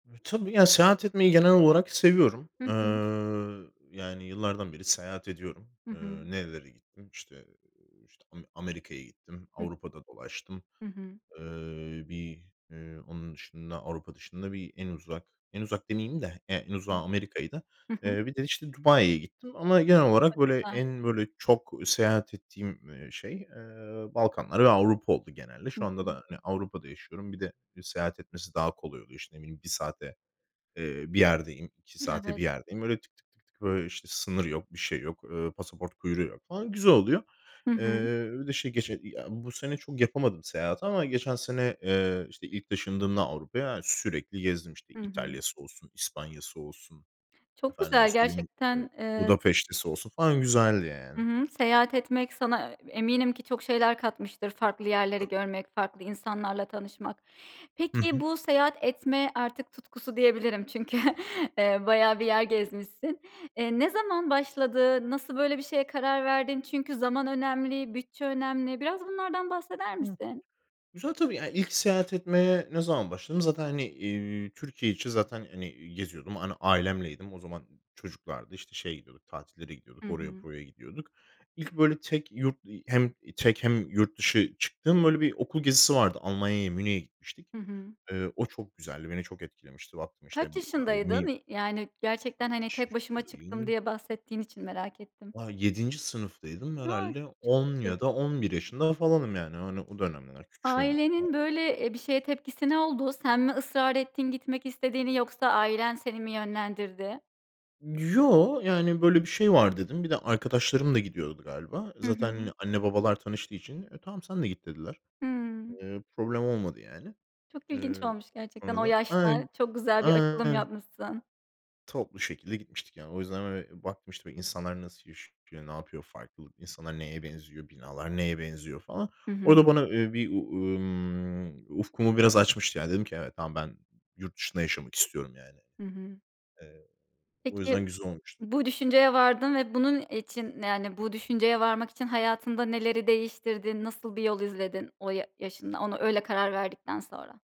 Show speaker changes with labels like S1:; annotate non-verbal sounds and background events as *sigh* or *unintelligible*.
S1: Tabii, ya, seyahat etmeyi genel olarak seviyorum.
S2: Hı hı.
S1: Iıı, yani, yıllardan beri seyahat ediyorum.
S2: Hı hı.
S1: Iıı, nerelere gittim? İşte, işte, ame Amerika'ya gittim.
S2: Hı.
S1: Avrupa'da dolaştım.
S2: Hı hı.
S1: Eee, bir, ııı, onun dışında, Avrupa dışında, bir, en uzak, en uzak demeyeyim de, ya, en
S2: Hı hı.
S1: uzağı Amerika'ydı.
S2: Hı hı.
S1: Eee, bir de, işte, Dubai'ye gittim, ama genel olarak, böyle,
S2: *unintelligible*
S1: en böyle, çok seyahat ettiğim, eee, şey, eee, Balkanlar ve Avrupa oldu genelde.
S2: Hı
S1: Şu anda da,
S2: hı.
S1: hani, Avrupa'da yaşıyorum. Bir de, seyahat etmesi daha kolay oluyor, işte, ne bileyim, 1 saate, eee, bir yerdeyim, 2 saate bir
S2: Evet.
S1: yerdeyim. Böyle, tık, tık, tık, tık, böyle, işte, sınır yok, bir şey yok, ııı, pasaport kuyruğu yok, falan. Güzel oluyor.
S2: Hı hı.
S1: Eee, bir de şey, geçe ya, bu sene çok yapamadım seyahati, ama geçen sene, eee, işte, ilk, taşındığımda Avrupa'ya sürekli gezdim. İşte,
S2: Hı hı.
S1: İtalya'sı olsun, İspanya'sı olsun,
S2: Çok
S1: efendime
S2: güzel,
S1: söyleyeyim, işte,
S2: gerçekten. Eee s
S1: Budapeşte'si olsun falan, güzeldi
S2: Hı
S1: yani.
S2: hı. Seyahat etmek, sana eminim ki, çok şeyler katmıştır. Farklı yerleri
S1: Tabii.
S2: görmek, farklı insanlarla tanışmak.
S1: Hı
S2: Peki,
S1: hı.
S2: bu seyahat etme artık tutkusu diyebilirim, çünkü, eee, bayağı bir yer gezmişsin. Eee, ne zaman başladı? Nasıl böyle bir şeye karar verdin? Çünkü zaman önemli, bütçe önemli. Biraz bunlardan bahseder
S1: Hı.
S2: misin?
S1: Güzel tabii, ya, ilk seyahat etmeye ne zaman başladım? Zaten, hani, eee, Türkiye içi, zaten, hani, geziyordum. Hani, ailemleydim. O zaman çocuklardı, işte, şeye gidiyorduk, tatillere
S2: Hı
S1: gidiyorduk. Oraya,
S2: hı.
S1: buraya gidiyorduk. İlk, böyle, tek yurt, ııı, hem tek, hem yurt dışı çıktığım, böyle, bir okul gezisi vardı. Almanya'ya, Münih'e gitmiştik.
S2: Hı hı.
S1: Eee, o çok güzeldi, beni çok etkilemişti. Baktım
S2: Kaç
S1: işte, bir, a eee,
S2: yaşındaydın?
S1: mi
S2: Y yani gerçekten, hani,
S1: Kaç
S2: tek başıma çıktım,
S1: yaşındayım?
S2: diye bahsettiğin için merak ettim.
S1: Ah, 7. sınıftaydım
S2: A,
S1: herhâlde
S2: çok
S1: 10 ya
S2: küçük.
S1: da 11 yaşında falanım yani, hani, o dönemler küçüğüm.
S2: Ailenin
S1: *unintelligible*
S2: böyle, eee, bir, şeye tepkisi ne oldu? Sen mi ısrar ettin, gitmek istediğini? Yoksa, ailen seni mi, yönlendirdi?
S1: Yo, yani, böyle bir şey var dedim. Bir de arkadaşlarım da gidiyordu galiba.
S2: Hı
S1: Zaten,
S2: hı.
S1: hani, anne, babalar tanıştığı için, eee, tamam, sen de git dediler.
S2: Hıı.
S1: Eee, problem olmadı yani.
S2: Çok ilginç
S1: Eee,
S2: olmuş gerçekten,
S1: sonra
S2: o
S1: da.
S2: yaşta. Çok güzel bir açılım
S1: *unintelligible*
S2: yapmışsın.
S1: Toplu şekilde gitmiştik yani. O yüzden, böyle, baktım, işte, böyle, insanlar nasıl yaşıyor, ne yapıyor, farklı insanlar neye benziyor, binalar neye benziyor falan.
S2: Hı hı.
S1: Orada, bana, eee, bir, ııı, ımm, ufkumu biraz açmıştı, ya dedim ki "Evet. tamam, ben yurt dışında yaşamak istiyorum." yani.
S2: Hı hı.
S1: Eee, o
S2: Peki,
S1: yüzden güzel olmuştu.
S2: bu düşünceye vardın ve bunun için, yani bu düşünceye varmak için, hayatında neleri değiştirdin? Nasıl bir yol izledin o ya yaşında? Ona, öyle karar verdikten sonra.